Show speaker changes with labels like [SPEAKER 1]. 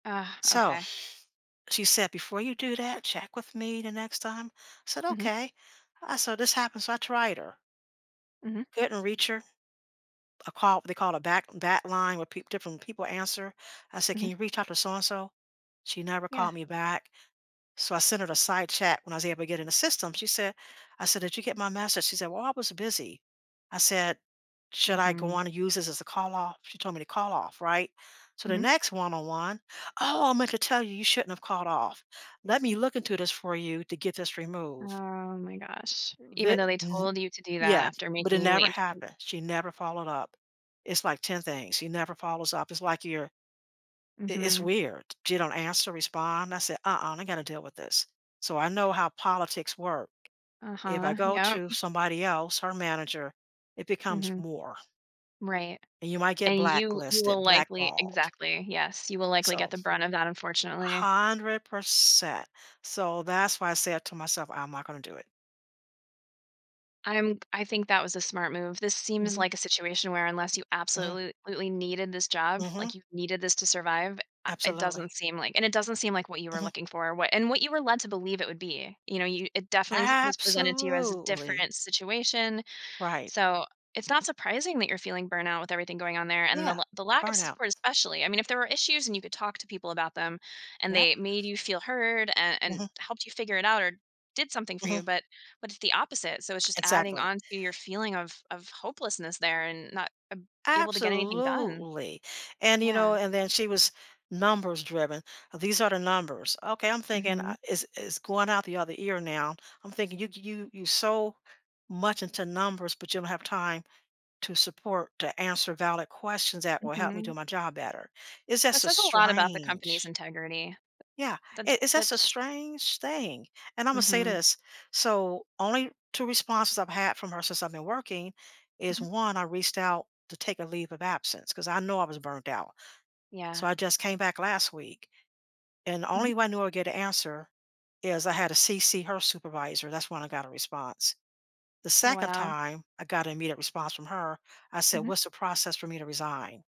[SPEAKER 1] So,
[SPEAKER 2] Okay.
[SPEAKER 1] she said, "Before you do that, check with me the next time." I said,
[SPEAKER 2] Mhm.
[SPEAKER 1] "Okay." I so this happened, so I tried her.
[SPEAKER 2] Mhm.
[SPEAKER 1] Didn't reach her. I called they called a back back line where peep different people answer. I said, "Can
[SPEAKER 2] Mhm.
[SPEAKER 1] you reach out to so-and-so?" She never
[SPEAKER 2] Yeah.
[SPEAKER 1] called me back. So I sent her the side chat when I was able to get in the system. She said I said, "Did you get my message?" She said, "Well, I was busy." I said, "Should I go
[SPEAKER 2] Mhm.
[SPEAKER 1] on and use this as a call off?" She told me to call off, right? So the
[SPEAKER 2] Mhm.
[SPEAKER 1] next one-on-one, "Oh, I meant to tell you, you shouldn't have called off. Let me look into this for you to get this removed."
[SPEAKER 2] Oh my gosh. Even
[SPEAKER 1] Thi
[SPEAKER 2] though they
[SPEAKER 1] th
[SPEAKER 2] told you to do that
[SPEAKER 1] Yeah.
[SPEAKER 2] after
[SPEAKER 1] But it
[SPEAKER 2] making you
[SPEAKER 1] never
[SPEAKER 2] wait until
[SPEAKER 1] happened. She never followed up. It's like 10 things. She never follows up. It's like you're it it's
[SPEAKER 2] Mhm.
[SPEAKER 1] weird. She don't answer, respond. I said, "Uh-uh, not gonna deal with this." So I know how politics work. If I
[SPEAKER 2] Uh-huh.
[SPEAKER 1] go
[SPEAKER 2] Yep.
[SPEAKER 1] to somebody else, her manager, it becomes
[SPEAKER 2] Mhm.
[SPEAKER 1] more.
[SPEAKER 2] Right.
[SPEAKER 1] And you might get
[SPEAKER 2] And you you will
[SPEAKER 1] blacklisted,
[SPEAKER 2] likely
[SPEAKER 1] blackballed.
[SPEAKER 2] exactly. Yes. You will likely get
[SPEAKER 1] So.
[SPEAKER 2] the brunt of that, unfortunately.
[SPEAKER 1] 100%. So that's why I said to myself, "I'm not gonna do it."
[SPEAKER 2] I'm I think that was a smart move. This seems
[SPEAKER 1] Mhm.
[SPEAKER 2] like a situation where, unless you
[SPEAKER 1] Mhm.
[SPEAKER 2] absolutely needed this job,
[SPEAKER 1] Mhm.
[SPEAKER 2] like you needed this to survive, I it
[SPEAKER 1] Absolutely.
[SPEAKER 2] doesn't seem like and it doesn't seem like what you were
[SPEAKER 1] Mhm.
[SPEAKER 2] looking for, what and what you were led to believe it would be. You know, you it definitely su was presented to you as a
[SPEAKER 1] Absolutely.
[SPEAKER 2] different situation.
[SPEAKER 1] Right.
[SPEAKER 2] So it's not surprising that you're feeling burnout with everything going on there and the
[SPEAKER 1] Yeah.
[SPEAKER 2] l the lack of
[SPEAKER 1] Burnout.
[SPEAKER 2] support, especially. I mean, if there were issues and you could talk to people about them and
[SPEAKER 1] Yep.
[SPEAKER 2] they made you feel heard and and
[SPEAKER 1] Mhm.
[SPEAKER 2] helped you figure it out or did something for you.
[SPEAKER 1] Mhm.
[SPEAKER 2] But but it's the opposite. So it's just adding
[SPEAKER 1] Exactly.
[SPEAKER 2] onto your feeling of of hopelessness there and not ab able to get anything done.
[SPEAKER 1] Absolutely. And, you know,
[SPEAKER 2] Yeah.
[SPEAKER 1] and then she was numbers-driven. "These are the numbers." Okay, I'm thinking, "I
[SPEAKER 2] Mhm.
[SPEAKER 1] It's it's going out the other ear now." I'm thinking, "You g you you're so much into numbers but you don't have time to support, to answer valid questions that will help me do
[SPEAKER 2] Mhm.
[SPEAKER 1] my job better." It's
[SPEAKER 2] That
[SPEAKER 1] just a
[SPEAKER 2] says a lot about the company's
[SPEAKER 1] strange
[SPEAKER 2] integrity.
[SPEAKER 1] Yeah.
[SPEAKER 2] That
[SPEAKER 1] It it's just a
[SPEAKER 2] that's just
[SPEAKER 1] strange thing. And I'm gonna say
[SPEAKER 2] Mhm.
[SPEAKER 1] this, so only 2 responses I've had from her since I've been working is,
[SPEAKER 2] Mhm.
[SPEAKER 1] 1, I reached out to take a leave of absence, 'cause I know I was burned out. So
[SPEAKER 2] Yeah.
[SPEAKER 1] I just came back last week, and the
[SPEAKER 2] Mhm.
[SPEAKER 1] only way I knew I'd get a answer is I had to CC her supervisor. That's when I got a response. The 2nd
[SPEAKER 2] Wow.
[SPEAKER 1] time I got an immediate response from her, I said,
[SPEAKER 2] Mhm.
[SPEAKER 1] "What's the process for me to resign?"